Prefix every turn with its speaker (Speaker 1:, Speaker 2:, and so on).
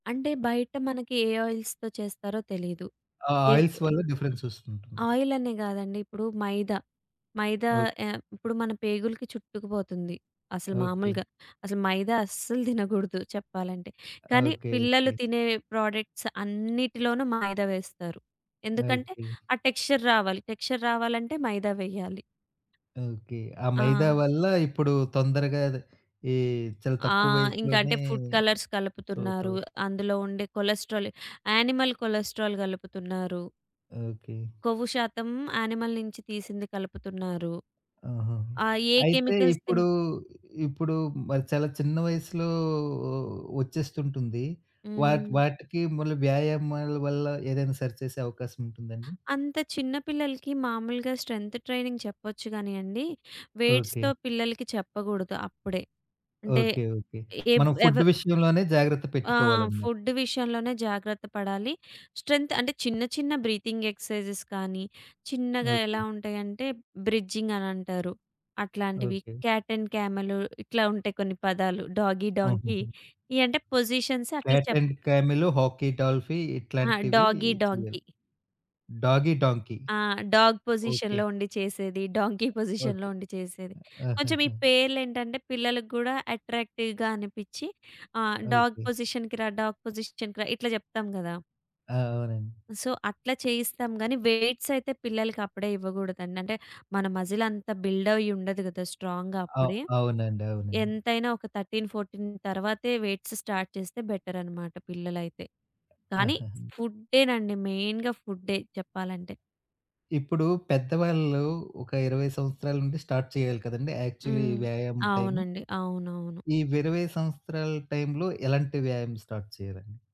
Speaker 1: అంటే బయట మనకి ఏ ఆయిల్స్‌తో చేస్తారో తెలీదు.
Speaker 2: ఆ
Speaker 1: ఏ
Speaker 2: ఆయిల్స్
Speaker 1: ఆ
Speaker 2: వల్ల డిఫరెన్స్ వస్తూ ఉంటుంది.
Speaker 1: ఆయిలనే గాదండి ఇప్పుడు మైదా, మైదా
Speaker 2: ఓ
Speaker 1: ఆహ్, ఇప్పుడు మన పేగులకి చుట్టుకు పోతుంది. అసలు
Speaker 2: ఓకే.
Speaker 1: మామూలుగా అసలు మైదా అస్సలు తినగూడదు చెప్పాలంటే. కానీ
Speaker 2: ఓకే.
Speaker 1: పిల్లలు
Speaker 2: ఓకే.
Speaker 1: తినే ప్రోడక్ట్స్ అన్నిటిలోనూ మైదా వేస్తారు. ఎందుకంటే
Speaker 2: ఓకే.
Speaker 1: ఆ టెక్స్చర్ రావాలి. టెక్స్చర్ రావాలంటే మైదా వేయాలి.
Speaker 2: ఓకే. ఆ మైదా
Speaker 1: ఆ!
Speaker 2: వల్ల ఇప్పుడు తొందరగాదా ఈ చాలా
Speaker 1: ఆ!
Speaker 2: తక్కువ
Speaker 1: ఇంక అంటే
Speaker 2: వయసులోనే.
Speaker 1: ఫుడ్ కలర్స్ కలుపుతున్నారు.
Speaker 2: సొతౌట్
Speaker 1: అందులో ఉండే కొలెస్టెరాల్ యానిమల్ కొలెస్టెరాల్ గలుపుతున్నారు.
Speaker 2: ఓకే.
Speaker 1: కొవ్వు శాతం యానిమల్ నించి తీసింది కలుపుతున్నారు.
Speaker 2: ఆహా!
Speaker 1: ఆహ్, ఏ
Speaker 2: అయితే
Speaker 1: కెమికల్స్ తిన్
Speaker 2: ఇప్పుడు, ఇప్పుడు మరి చాలా చిన్న వయస్సులో ఒచ్చేస్తుంటుంది. వాటి
Speaker 1: హ్మ్.
Speaker 2: వాటికి మళ్ళీ వ్యాయామాల వల్ల ఏదైనా సరిచేసే అవకాశముంటుందాండి?
Speaker 1: అంత చిన్న పిల్లలకి మామూలుగా స్ట్రెంత్ ట్రైనింగ్ చెప్పొచ్చు గానియండి వెయిట్స్‌తో
Speaker 2: ఓకే.
Speaker 1: పిల్లలకి చెప్పగూడదు అప్పుడే. అంటే
Speaker 2: ఓకే. ఓకే.
Speaker 1: ఏవ్
Speaker 2: మనం ఫుడ్
Speaker 1: ఎవరు
Speaker 2: విషయంలోనే జాగ్రత్త
Speaker 1: ఆ!
Speaker 2: పెట్టుకోవాలన్నమాట.
Speaker 1: ఫుడ్ విషయంలోనే జాగ్రత్త పడాలి. స్ట్రెంత్ అంటే చిన్న చిన్న బ్రీతింగ్ ఎక్సర్సైజెస్ కానీ, చిన్నగా
Speaker 2: ఓకే.
Speaker 1: ఎలా ఉంటాయంటే బ్రిడ్జింగ్ అనంటారు. అట్లాంటివి.
Speaker 2: ఓకే.
Speaker 1: కాట్ అండ్ కామెల్ ఇట్లా ఉంటాయి. కొన్ని పదాలు డాగీ డాంకీ
Speaker 2: హుహుహు.
Speaker 1: ఇయంటే పొజిషన్స్ అట్లా
Speaker 2: కాట్
Speaker 1: చెప్
Speaker 2: అండ్ కామల్, హాకీ డాల్ఫీ
Speaker 1: ఆ!
Speaker 2: ఇట్లాంటివి
Speaker 1: డాగీ
Speaker 2: చేయాలి.
Speaker 1: డాంకీ.
Speaker 2: డాగీ డాంకీ
Speaker 1: ఆ! Dog
Speaker 2: okay.
Speaker 1: పొజిషన్‌లో ఉండి చేసేది, డాంకీ పొజిషన్‌లో
Speaker 2: ఓకే.
Speaker 1: ఉండి చేసేది. కొంచెం ఈ
Speaker 2: ఆహాహా!
Speaker 1: పేర్లేంటంటే పిల్లల గూడా అట్రాక్టివ్‌గా అనిపిచ్చి ఆ! Dog
Speaker 2: okay.
Speaker 1: పొజిషన్‌కి‌రా, డాగ్ పొజిషన్‌కి‌రా ఇట్లా జెప్తాం గదా!
Speaker 2: ఆ! అవునండి.
Speaker 1: సో అట్లా చేయిస్తాం గాని, వెయిట్సయితే పిల్లలకప్పుడే ఇవ్వగూడదండి. అంటే మన మజిలంతా బిల్డ్ అయుండదు గదా! స్ట్రాంగ్‌గా
Speaker 2: అ
Speaker 1: అప్పుడే.
Speaker 2: అవునండి. అవునండి.
Speaker 1: ఎంతైనా ఒక 13, 14 తర్వాతే వెయిట్స్ స్టార్ట్ చేస్తే బెటరన్నమాట పిల్లలైతే. కానీ
Speaker 2: ఆహాహా!
Speaker 1: ఫుడ్డెనండి మెయిన్‌గా ఫుడ్డె చెప్పాలంటే.
Speaker 2: ఇప్పుడు పెద్దవాళ్ళు ఒక 20 సంవత్సరాల నుండి స్టార్ట్ చేయాలి కదండీ! యాక్చువలి
Speaker 1: హ్మ్.
Speaker 2: వ్యాయామం టైము.
Speaker 1: అవునండి. అవునవును.
Speaker 2: ఈ 20 సంవత్సరాల టైములో ఎలాంటి వ్యాయామం స్టార్ట్ చేయాలండి?